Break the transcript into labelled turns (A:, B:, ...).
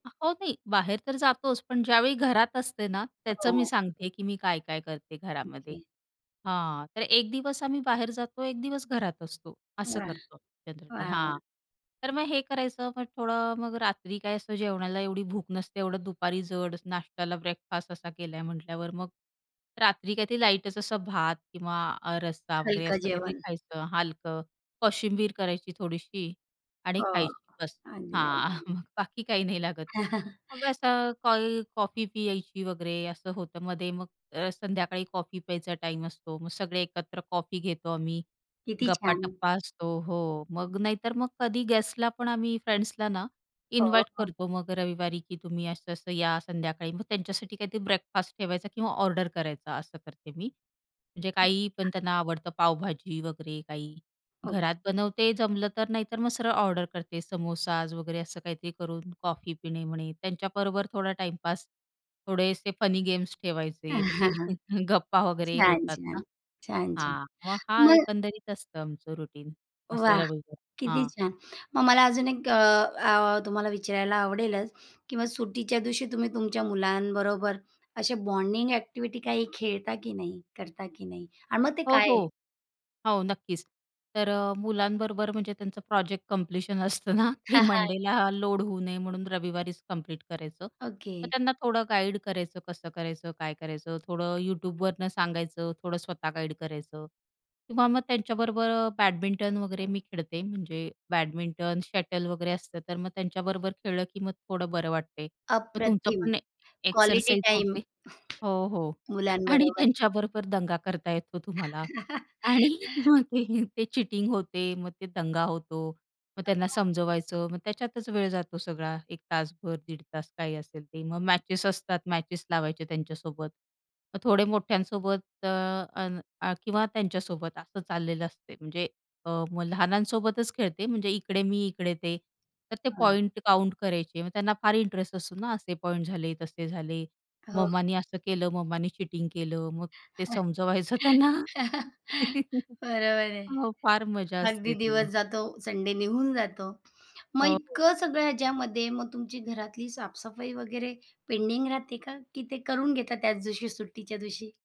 A: आ हो, नाही बाहेर तर जातोच, पण ज्यावेळी घरात असते ना, त्याचं मी
B: हो.
A: सांगते आहे की मी काय-काय करते घरामध्ये
B: ओके.
A: हां, तर एक दिवस आम्ही बाहेर जातो, एक दिवस घरात असतो. असं
B: वाह!
A: करतो जनरली
B: वाह, वाह!
A: हां. तर मग हे करायचं, मग थोडं मग रात्री काय असं जेवणाला एवढी भूक नसते, एवढं दुपारी जड नाश्त्याला ब्रेकफास्ट असा केला आहे म्हटल्यावर, मग रात्री काहीतरी लाईटच असं भात किंवा अ, रस्सा वगैरे
B: हलकं
A: असं काहीतरी
B: जेवण.
A: खायचं हलकं, कोशिंबीर करायची थोडीशी आणि
B: हो
A: खायची, बस
B: आणि.
A: हां.
B: [unintelligible]
A: मग बाकी काही नाही लागत. मग असं कोई कॉफी प्यायची वगैरे असं होतं मध्ये, मग अ, संध्याकाळी कॉफी प्यायचा टाईम असतो, मग सगळे एकत्र कॉफी घेतो आम्ही.
B: किती छान!
A: गप्पा-टप्पा असतो हो, मग नाहीतर मग कधी गेस्टला पण आम्ही फ्रेंड्सला ना
B: हो,
A: इन्व्हाईट
B: हो.
A: करतो मग रविवारी की "तुम्ही असं-असं या संध्याकाळी," मग त्यांच्यासाठी काहीतरी ब्रेकफास्ट ठेवायचा किंवा ऑर्डर करायचा असं करते मी. म्हणजे काही पण त्यांना आवडतं पावभाजी वगैरे काही.
B: ओके.
A: घरात बनवते जमलं तर, नाही तर मग सरळ ऑर्डर करते समोसाज वगैरे असं काहीतरी करून कॉफी पिणे म्हणे त्यांच्याबरोबर थोडा टाईमपास, थोडेसे फनी गेम्स ठेवायचे, मग ते गप्पा वगैरे
B: छान,
A: होतात ना
B: छान! छान, छान!
A: हां, मग हा
B: मग
A: एकंदरीत असतं आमचं रुटीन, असं
B: वाह!
A: रविवारी
B: किती
A: हां.
B: छान! मग मला अजून एक अ, अ, तुम्हाला विचारायला आवडेलच की मग सुट्टीच्या दिवशी तुम्ही तुमच्या मुलांबरोबर असे बॉन्डिंग अ‍ॅक्टिव्हिटी काही खेळता की नाही? करता की नाही? आणि मग ते
A: हो,
B: काय आहे?
A: हो. हो, नक्कीच. तर अ, मुलांबरोबर म्हणजे त्यांचं प्रोजेक्ट कंप्लीशन असतं ना, ते मंडेला लोड होऊ नये म्हणून रविवारीच कंप्लीट करायचं. मग
B: ओके.
A: त्यांना थोडं गाईड करायचं, कसं करायचं, काय करायचं, थोडं YouTubeवरनं सांगायचं, थोडं स्वतः गाईड करायचं किंवा मग त्यांच्याबरोबर अ, बॅडमिंटन वगैरे मी खेळते, म्हणजे बॅडमिंटन, शटल वगैरे असतं, तर मग त्यांच्याबरोबर खेळलं की मग थोडं बरं वाटते. मग तुमचं
B: अप्रतिम!
A: पण एक
B: क्वालिटी
A: एक्सरसाइज
B: टाईम.
A: होते हो, हो. आणि
B: मुलांबरोबर.
A: त्यांच्याबरोबर दंगा करता येतो तुम्हाला. आणि मग ते ते चीटिंग होते, मग तो दंगा होतो. मग त्यांना
B: [unintelligible]
A: समजवायचं, मग त्याच्यातच वेळ जातो सगळा, एक तासभर दीड तास काही असेल ते. मग मॅचेस असतात, मॅचेस लावायचे त्यांच्यासोबत. मग थोडे मोठ्यांसोबत अ, अन् अ, किंवा त्यांच्यासोबत असं चाललेलं असतं म्हणजे अ, मग लहानांसोबतच खेळते, म्हणजे इकडे मी, इकडे ते. तर ते
B: हां.
A: पॉईंट काउंट करायचे, मग त्यांना फार इंटरेस्ट असतो ना, असे पॉईंट झाले, तसे झाले,
B: हो.
A: मम्माने असं केलं, मम्माने चीटिंग केलं, मग ते समजवायचं त्यांना.
B: बरोबर आहे.
A: हो, फार मजा
B: अगदी
A: असते
B: दिवस
A: ती.
B: जातो संडे निघून जातो. मग
A: हो, हो.
B: इतकं सगळं ह्याच्यामध्ये मग तुमची घरातली साफसफाई वगैरे पेंडिंग राहते का? की ते करून घेता त्याच दिवशी सुट्टीच्या दिवशी?